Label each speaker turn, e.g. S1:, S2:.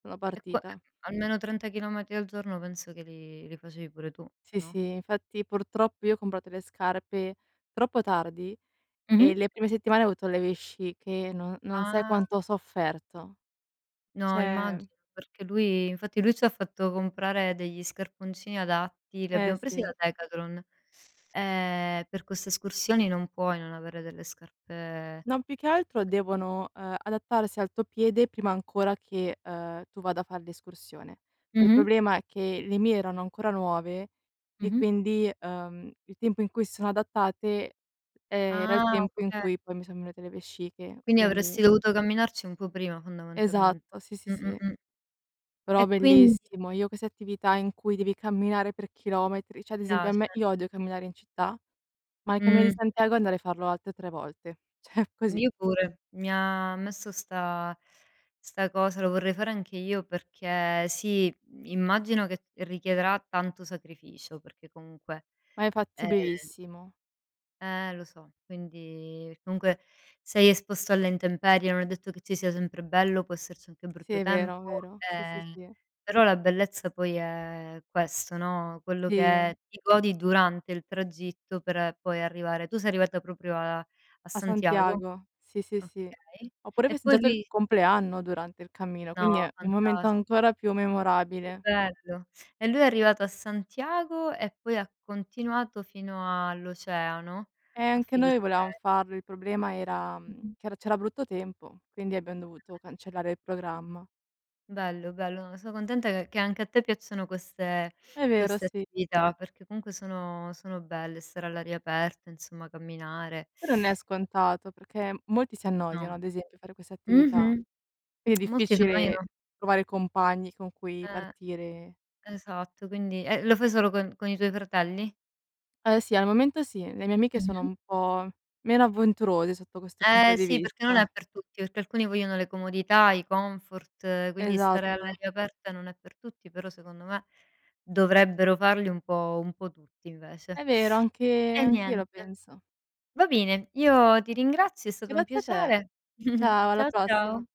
S1: Una
S2: E qua
S1: partita.
S2: almeno 30 chilometri al giorno penso che li li facevi pure tu,
S1: Sì,
S2: no?
S1: sì, infatti purtroppo io ho comprato le scarpe troppo tardi e
S2: Mh-mh.
S1: le prime settimane ho avuto le vesciche, non non sai
S2: Ah!
S1: quanto ho sofferto.
S2: No
S1: Cioè
S2: immagino, perché lui infatti lui ci fatto comprare degli scarponcini adatti, li
S1: Ehm,
S2: abbiamo presi
S1: sì.
S2: da Decathlon. Ehm, per queste escursioni non puoi non avere delle scarpe
S1: Non, più che altro devono, ehm, adattarsi al tuo piede prima ancora che, ehm, tu vada a far l'escursione. Cioè, il
S2: Mh-mh.
S1: problema è che le mie erano ancora nuove e
S2: Mh-mh.
S1: quindi, ehm, il tempo in cui s sono adattate, ehm, era il
S2: Ah!
S1: tempo in
S2: Okay.
S1: cui poi mi son venute le vesciche,
S2: Quindi
S1: quindi
S2: avresti dovuto camminarci un po' prima fondamentalmen
S1: Esatto, sì, sì,
S2: mh-mh,
S1: sì.
S2: mh. E
S1: Però
S2: quindi
S1: bellissimo! Io queste attività in cui devi camminare per chilometri,
S2: Ti
S1: cioè ad esempio a
S2: piace.
S1: me io odio camminare in città, ma il cammino
S2: Mh.
S1: Santiago andare a farlo alte 3 volte, cioè così.
S2: Io pure, mi ha messo 'sta 'sta cosa, lo vorrei fare anche io perché sì, immagino che richiederà tanto sacrificio, perché comunque.
S1: Ma è
S2: Ehm
S1: fattibilissimo.
S2: Eh, lo so! Quindi comunque sei esposto alle intemperie, non è detto che ci sia sempre bello, può esserci anche
S1: Sì,
S2: brutto
S1: è
S2: tempo,
S1: vero, vero. Sì, sì,
S2: ehm,
S1: sì.
S2: però la bellezza poi è questo, no, quello
S1: Sì.
S2: che ti godi durante il tragitto per poi arrivare tu sei arrivata proprio a a
S1: A
S2: Santiago?
S1: Santiago, sì, sì, sì.
S2: Okay.
S1: Ho pure ho
S2: E poi
S1: festeggiato il
S2: lui
S1: compleanno durante il cammino,
S2: No,
S1: quindi è un momento
S2: fantasti
S1: ancora più
S2: Che
S1: memorabile.
S2: bello! E lui è arrivato a Santiago e poi ha continuato fino all'oceano
S1: Eh,
S2: a
S1: anche noi volevam
S2: [unintelligible]
S1: farlo, il problema era, mhmm,
S2: Mh-mh.
S1: che era c'era brutto tempo, quindi abbiam dovuto
S2: [unintelligible]
S1: cancellare il programma.
S2: Bello, bello, no, sono contenta che che anche a te piacciono queste
S1: È vero,
S2: queste
S1: sì.
S2: attività, perché comunque sono sono belle, stare all'aria aperta, insomma, camminare.
S1: Però non è scontato, perché molti si
S2: No.
S1: annoiano ad esempio a fare questa attività.
S2: Mh-mh.
S1: È
S2: Molti si annoiano
S1: difficile trovare compagni con cui
S2: Eh,
S1: partire e
S2: esatto, quindi e lo fai solo con con i tuoi fratelli?
S1: Uhm, sì, al momento sì, le mie amiche sono
S2: Mh-mh.
S1: un po', meno avventurose sotto questo punto
S2: Eh
S1: di
S2: si! Perché non è
S1: vista.
S2: per tutti, perché alcuni vogliono le comodità, i comfort, quindi stare
S1: Esatto.
S2: all'aria aperta non è per tutti, però secondo me, dovrebbero farli un po' un po' tutti invece.
S1: È vero, anche
S2: E
S1: anch'io lo
S2: niente.
S1: penso.
S2: Va bene, io ti ringrazio, è stato un
S1: Grazie a te.
S2: piacere.
S1: Ciao, alla
S2: Ciao, ciao.
S1: prossima.